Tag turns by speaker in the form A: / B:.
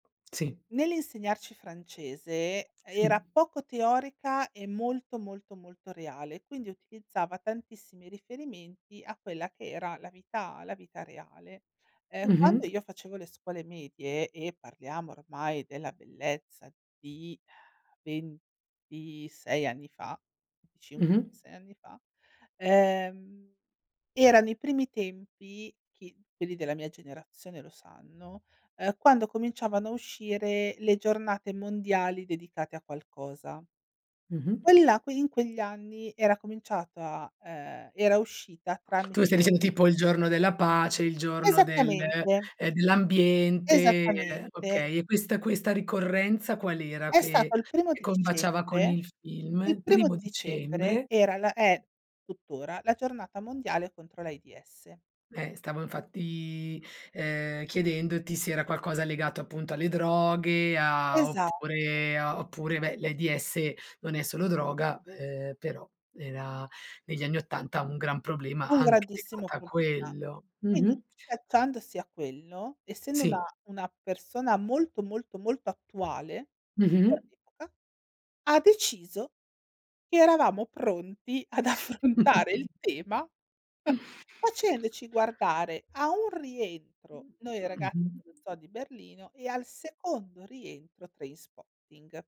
A: Sì.
B: Nell'insegnarci francese,
A: Sì.
B: era poco teorica e molto, molto, molto reale, quindi utilizzava tantissimi riferimenti a quella che era la vita la vita reale. Ehm, quando
A: Mh-mh.
B: io facevo le scuole medie e parliamo ormai della bellezza di 26 anni fa, 25,
A: Mh-mh.
B: 26 anni fa ehm, erano primi tempi, chi quelli della mia generazione lo sanno ehm, quando cominciavano a uscire le giornate mondiali dedicate a qualcosa.
A: Mh-mh.
B: Quelli la que in quegli anni era cominciata ehm, era uscita
A: Tu stai
B: tramite
A: dicendo tipo il giorno della pace, il giorno del
B: Esattamente.
A: ehm, dell'ambiente.
B: Esattamente.
A: Okay. E questa questa ricorrenza qual' era
B: È
A: che
B: stato il primo
A: che
B: di
A: combaciava con
B: dicembre.
A: il
B: Il
A: film?
B: primo
A: Primo
B: di dicembre
A: dicembre.
B: era l è tuttora la giornata mondiale contro l'AIDS.
A: Eh, stavo infatti, ehm, chiedendoti se era qualcosa legato appunto alle droghe, a
B: Esatto.
A: oppure a oppure ve l'AIDS, non è solo droga, ehm, però, era negli anni 80 un gran problema
B: Un
A: anche
B: grandissimo
A: legato a
B: problema.
A: quello.
B: Quindi
A: Mh-mh.
B: allacciandosi a quello, essendo una
A: Sì.
B: una persona molto, molto, molto, attuale,
A: Mh-mh.
B: per l'epoca, ha deciso che eravamo pronti ad affrontare il tema facendoci guardare a un rientro "Noi, i ragazzi
A: Mh-mh.
B: dello zoo di Berlino" e al secondo rientro "Trainspotting".